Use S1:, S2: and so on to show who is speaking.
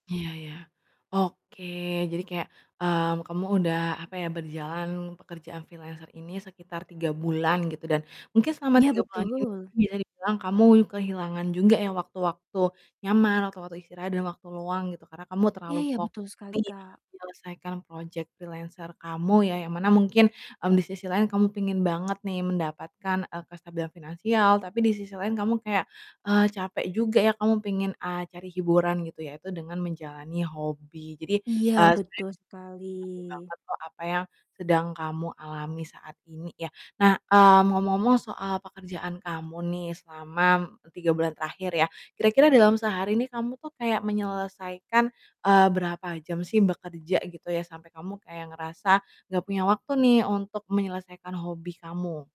S1: Iya iya, oke jadi kayak, mmm, kamu udah, apa ya, berjalan pekerjaan freelancer ini sekitar 3 bulan gitu dan mungkin selama
S2: Ya
S1: 3 bulan ini
S2: betul.
S1: bisa dibilang kamu kehilangan juga ya waktu-waktu nyaman, waktu-waktu istirahat dan waktu luang gitu. Karena kamu
S2: Iya
S1: terlalu
S2: iya,
S1: fokus
S2: betul sekali,
S1: nih
S2: Kak.
S1: menyelesaikan project freelancer kamu ya, yang mana mungkin, mmm, di sisi lain kamu pengen banget nih mendapatkan, eee, kestabilan finansial, tapi di sisi lain kamu kayak, eee, capek juga ya, kamu pengen, a cari hiburan gitu yaitu dengan menjalani hobi. Jadi,
S2: Iya,
S1: eee, sebenernya
S2: betul
S1: ngerti
S2: sekali.
S1: banget kok apa yang sedang kamu alami saat ini ya, nah, mmm, ngomong-ngomong soal pekerjaan kamu nih selama e 3 bulan terakhir ya, kira-kira dalam sehari nih kamu tuh kayak menyelesaikan, eee, berapa jam sih bekerja gitu ya sampai kamu kayak ngerasa nggak punya waktu nih untuk menyelesaikan hobi kamu?